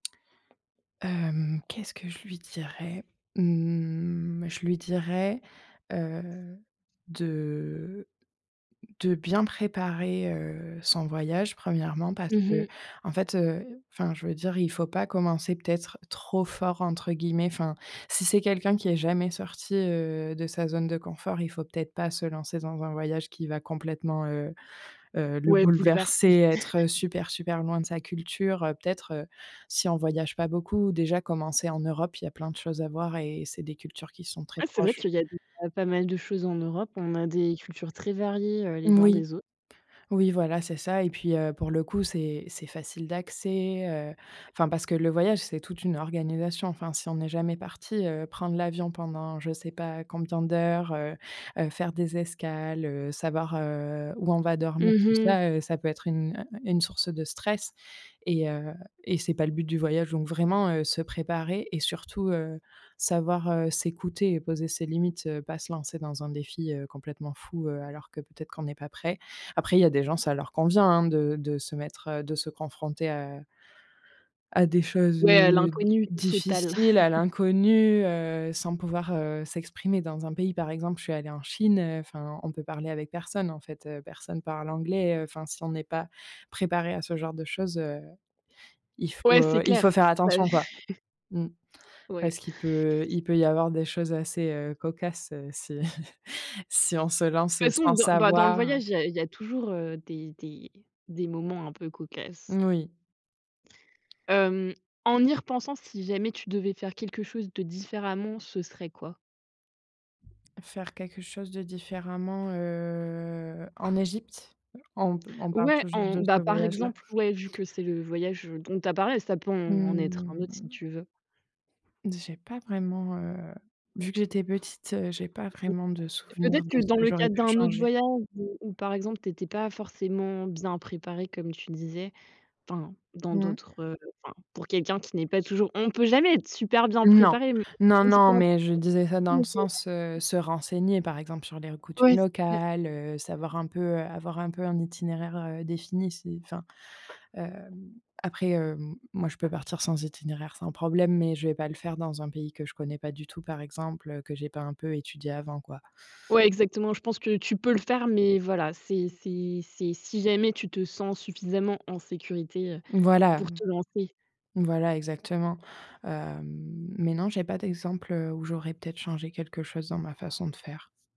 Hem, qu'est-ce que je lui dirais? Mmh, je lui dirais, heu, de de bien préparer, heu, son voyage. 1°, parce Mmh mh. qu'en fait, heu enfin je veux dire il faut pas commencer peut-être «trop fort» entre guillemets enfin si c'est quelqu'un qui est jamais sorti, heu, de sa zone de confort, il faut peut-être pas se lancer dans un voyage qui va complètement, heu heu, le Ouais, bouleverser, bouleverser. être super super loin de sa culture. Heu, peut-être, heu, si on voyage pas beaucoup, déjà commencer en Europe, il y a plein de choses à voir et c'est des cultures qui sont très Ah c'est vrai proches. qu'il y a déjà pas mal de choses en Europe. On a des cultures très variées, heu, les uns Oui. des autres. Oui, voilà, c'est ça et puis, heu, pour le coup, c'est c'est facile d'accès, heu, enfin parce que le voyage, c'est toute une organisation. Enfin si on est jamais parti, heu, prendre l'avion pendant je sais pas combien d'heures, heu, heu, faire des escales, heu, savoir, heu, où on va dormir. Mmh Tout mh. ça, heu, ça peut être une, heu, une source de stress et heu, et c'est pas le but du voyage donc vraiment, heu, se préparer et surtout, heu, savoir, heu, s'écouter et poser ses limites. Heu, pas se lancer dans un défi, heu, complètement fou, heu, alors que peut-être qu'on est pas prêt. Après il y a des gens, ça leur convient, hein de de se mettre, heu, de se confronter à à des choses, Ouais heu, l'inconnu total. difficiles, à l'inconnu, heu, sans pouvoir, heu, s'exprimer. Dans un pays par exemple je suis allée en Chine, heu, enfin on peut parler avec personne en fait, heu, personne parle anglais, heu, enfin si on est pas préparé à ce genre de chose, heu, il faut, Ouais, c'est heu il faut clair. faire [unintelligible] attention quoi. Mmh. Ouais. Parce qu'il peut il peut y avoir des choses assez, heu, cocasses, heu, si De si on se toute lance façon sans dans bah, dans le savoir. voyage, il y a il y a toujours, heu, des des des moments un peu cocasses. Moui. Hem, en y repensant, si jamais tu devais faire quelque chose de différemment, ce serait quoi? Faire quelque chose de différemment, heu, en Égypte? On p on parle Ouais, toujours on de bah, ce par voyage là? exemple, ouais, vu que c'est le voyage, heu, dont tu as parlé, ça peut en être un autre si Mmh. tu veux. J'ai pas vraiment, heu vu que j'étais petite, heu, j'ai pas vraiment de [unintelligible] mais souvenir peut-être de que ce dans que le j'aurais cadre pu d'un autre changer. voyage où où par exemple, tu étais pas forcément bien préparée comme tu le disais enfin, dans Mmh. d'autres, heu, enfin, pour quelqu'un qui n'est pas toujours on peut jamais être super bien Non. préparé Non non, mais je disais ça dans le sens, heu, [unintelligible] se renseigner par exemple sur les r coutumes Ouais, c'est clair. locales. Heu, savoir un peu, heu, avoir un peu un itinéraire, heu, défini, si enfin, hem, après, hem, moi je peux partir sans itinéraire sans problème, mais je vais pas le faire dans un pays que je connais pas du tout par exemple, heu, que j'ai pas un peu étudié avant quoi. Ouais, exactement. Je pense que tu peux le faire, mais voilà, c'est c'est c'est si jamais tu te sens suffisamment en sécurité, heu, Voilà, pour mmh. te lancer. Voilà exactement. Heu, mais non j'ai pas d'exemple, heu, où j'aurais peut-être changé quelque chose dans ma façon de faire.